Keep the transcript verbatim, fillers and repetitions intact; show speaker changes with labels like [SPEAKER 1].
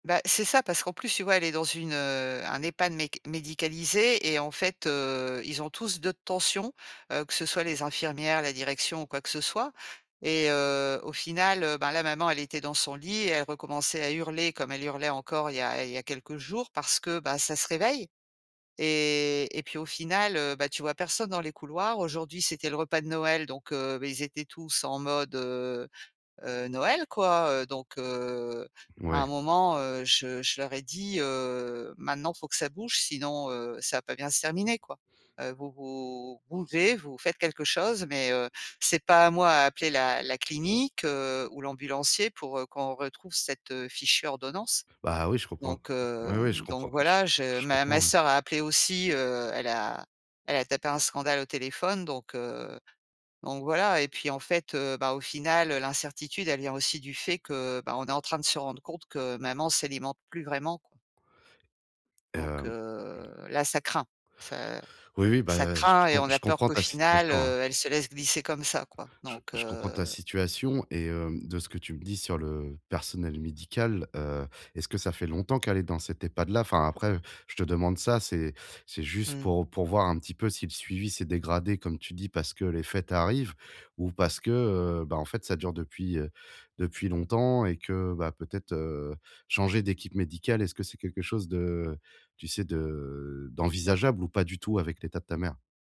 [SPEAKER 1] Bah, c'est ça, parce qu'en plus, tu vois, elle est dans une, heu, un EHPAD mec médicalisé et en fait, heu, ils ont tous deux de tension, heu, que ce soit les infirmières, la direction ou quoi que ce soit. Et heu, au final, heu, bah là, maman, elle était dans son lit et elle recommençait à hurler, comme elle hurlait encore, il y a il y a quelques jours parce que, bah, ça se réveille. Et et puis, au final, heu, bah, tu vois personne dans les couloirs. Aujourd'hui, c'était le repas de Noël, donc, heu, beh, ils étaient tous en mode, heu heu, Noël, quoi, heu, donc, heu, à
[SPEAKER 2] Ouais.
[SPEAKER 1] un moment, heu, je je leur ai dit, heu: «Maintenant, faut que ça bouge, sinon, heu, ça va pas bien se terminer, quoi. Heu, vous vous bougez, vous faites quelque chose, mais, heu, c'est pas à moi à appeler la la clinique, heu, ou l'ambulancier pour, heu, qu'on retrouve cette, heu, fichue ordonnance».
[SPEAKER 2] Bah oui, je comprends.
[SPEAKER 1] Donc heu,
[SPEAKER 2] Oui, oui, je
[SPEAKER 1] donc
[SPEAKER 2] comprends. J
[SPEAKER 1] voilà, je
[SPEAKER 2] je
[SPEAKER 1] ma ma
[SPEAKER 2] comprends, ouais.
[SPEAKER 1] sœur a appelé aussi, heu, elle a elle a tapé un scandale au téléphone, donc, heu, donc voilà. Et puis, en fait, heu, bah, au final, l'incertitude, elle vient aussi du fait que, bah, on est en train de se rendre compte que maman s'alimente plus vraiment, quoi. Donc
[SPEAKER 2] Hem,
[SPEAKER 1] heu,
[SPEAKER 2] mmh.
[SPEAKER 1] là, ça craint! Ca
[SPEAKER 2] Oui, oui,
[SPEAKER 1] ça
[SPEAKER 2] bah, je
[SPEAKER 1] craint et
[SPEAKER 2] com
[SPEAKER 1] on a
[SPEAKER 2] je
[SPEAKER 1] peur
[SPEAKER 2] comprends
[SPEAKER 1] qu'au
[SPEAKER 2] ta
[SPEAKER 1] final,
[SPEAKER 2] situation, hein.
[SPEAKER 1] heu, elle se laisse glisser comme ça, quoi,
[SPEAKER 2] Je
[SPEAKER 1] donc,
[SPEAKER 2] je comprends ta
[SPEAKER 1] heu.
[SPEAKER 2] situation et heu, de ce que tu me dis sur le personnel médical. Heu, est-ce que ça fait longtemps qu'elle est dans cet EHPAD là? Enfin après, je te demande ça, c'est c'est juste
[SPEAKER 1] Mmh.
[SPEAKER 2] pour pour voir un petit peu si le suivi s'est dégradé comme tu dis, parce que les fêtes arrivent ou parce que, heu, ben, en fait ça dure depuis depuis longtemps et que peut-être, heu, changer d'équipe médicale, est-ce que c'est quelque chose de, tu sais, de d'envisageable ou pas du tout, avec l'état de ta mère?